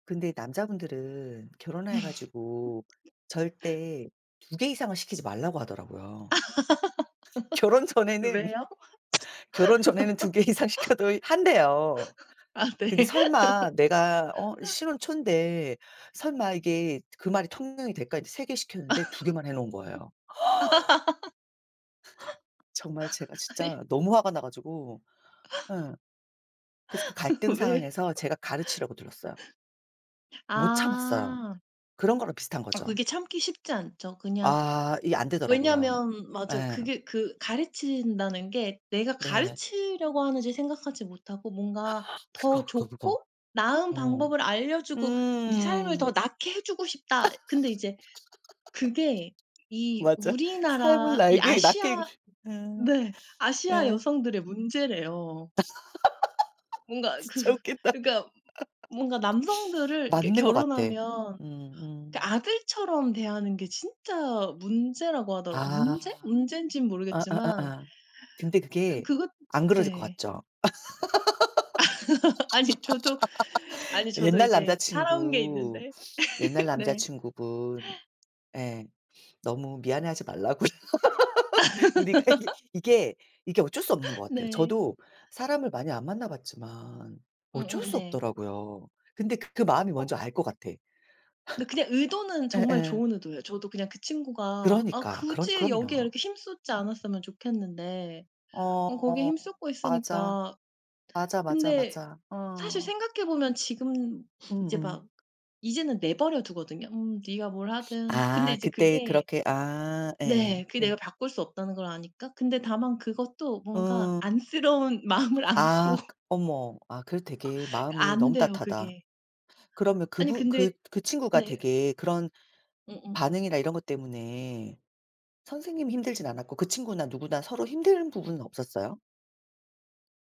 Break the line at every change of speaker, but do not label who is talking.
근데 남자분들은 결혼해 가지고 절대 2 개 이상을 시키지 말라고 하더라고요. 결혼 전에는,
왜요?
결혼 전에는 2 개 이상 시켜도 한대요.
아 네.
근데 설마 내가 어 신혼 초인데 설마 이게 그 말이 통용이 될까 이제 3 개 시켰는데 2 개만 해 놓은 거예요. 허.
아니
정말 제가 진짜 너무 화가 나 가지고. 예. 그래서 그 갈등
왜요?
상황에서 제가 가르치려고 들었어요. 못 참았어요.
아.
그런 거랑 비슷한
아
거죠.
그게 참기 쉽지 않죠. 그냥
아 이게 안되더라고요.
왜냐면 맞아요.
예.
그게 그 가르친다는 게 내가
네.
가르치려고 하는지 생각하지 못하고 뭔가
그거,
더
그거, 그거.
좋고 나은
어
방법을 알려 주고 네 삶을
음.
더 낫게 해 주고 싶다. 근데 이제 그게 이
맞아. 삶을
우리나라 이
나에게 낫게
아시아
음
네. 아시아
음.
여성들의 문제래요. 뭔가 그
진짜 웃긴다.
그러니까 뭔가 남성들을 이렇게
맞는 것 같아.
결혼하면 그
음음.
아들처럼 대하는 게 진짜 문제라고 하더라고요.
아.
문제? 문젠진
아, 아, 아,
모르겠지만.
아. 근데
음
그게
그거
안 그러실 것
네.
같죠?
아니 저도 아니 저도
옛날
이제 살아온 게
남자친구.
있는데
옛날
네.
남자친구분. 예 너무 미안해하지 말라고요. 우리가 예. 이게 이게 어쩔 수 없는 것 같아요.
네.
저도 사람을 많이 안 만나봤지만 어쩔
음음
수
네.
없더라고요. 근데 그 그 마음이
어
뭔지 알 것 같아.
근데 그냥 의도는 정말
예예.
좋은 의도예요. 저도 그냥 그 친구가 아
그러니까. 그런
굳이 여기에
그럼요.
이렇게 힘 쏟지 않았으면 좋겠는데 어 거기에
어.
힘 쏟고
맞아.
있으니까
맞아, 맞아,
근데
맞아.
사실
어.
생각해 보면 지금 이제
음음.
막 이제는 내버려 두거든요. '음 네가 뭘 하든.' 근데
아
이제
그때
그게
그렇게 아. 예예
네 그게
예.
내가 바꿀 수 없다는 걸 아니까. 근데 다만 그것도 뭔가
어.
안쓰러운 마음을
아
안고
어머. 아 그래도 되게 마음이 너무
안돼요
따뜻하다.
그게.
그러면
아니
그분 그
근데
그 친구가
네.
되게 그런
음음.
반응이나 이런 것 때문에 선생님이 힘들진 않았고 그 친구나 누구나 서로 힘든 부분은 없었어요?